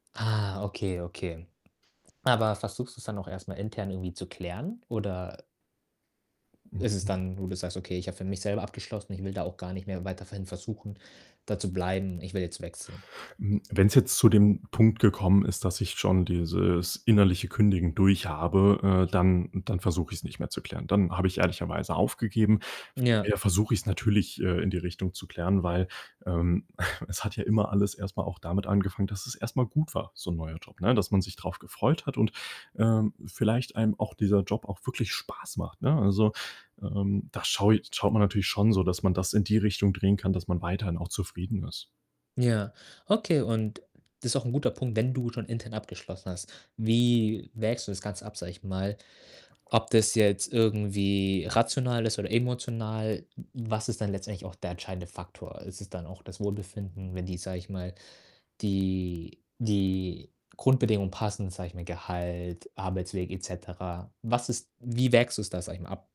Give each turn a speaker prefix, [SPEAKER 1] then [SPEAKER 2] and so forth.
[SPEAKER 1] Ah, okay, okay. Aber versuchst du's dann auch erst mal intern irgendwie zu klären oder ist es
[SPEAKER 2] Mhm.
[SPEAKER 1] dann, wo du das sagst: „Okay, ich habe für mich selber abgeschlossen, ich will da auch gar nicht mehr weiter ver hin versuchen da zu bleiben, ich will jetzt wechseln.”
[SPEAKER 2] Hm, wenn's jetzt zu dem Punkt gekommen ist, dass ich schon dieses innerliche Kündigen durch habe, äh, dann dann versuche ich's nicht mehr zu klären, dann habe ich ehrlicherweise aufgegeben.
[SPEAKER 1] Ja.
[SPEAKER 2] Vorher versuche ich's natürlich, äh, in die Richtung zu klären, weil, ähm, es hat ja immer alles erst mal auch damit angefangen, dass es erst mal gut war, so 'n neuer Job, ne, dass man sich drauf gefreut hat und, ähm, vielleicht einem auch dieser Job auch wirklich Spaß macht, ne? Also, ähm, da schau i schaut man natürlich schon so, dass man das in die Richtung drehen kann, dass man weiterhin auch zufrieden ist.
[SPEAKER 1] Ja, okay und das ist auch 'n guter Punkt, wenn du schon intern abgeschlossen hast, wie wägst du das Ganze ab, sage ich mal, ob das jetzt irgendwie rational ist oder emotional, w was ist dann letztendlich auch der entscheidende Faktor? Ist es dann auch das Wohlbefinden, wenn die sage ich mal, die die Grundbedingungen passen, sage ich mal, Gehalt, Arbeitsweg et cetera. Was ist wie wägst du's da, sage ich mal, ab?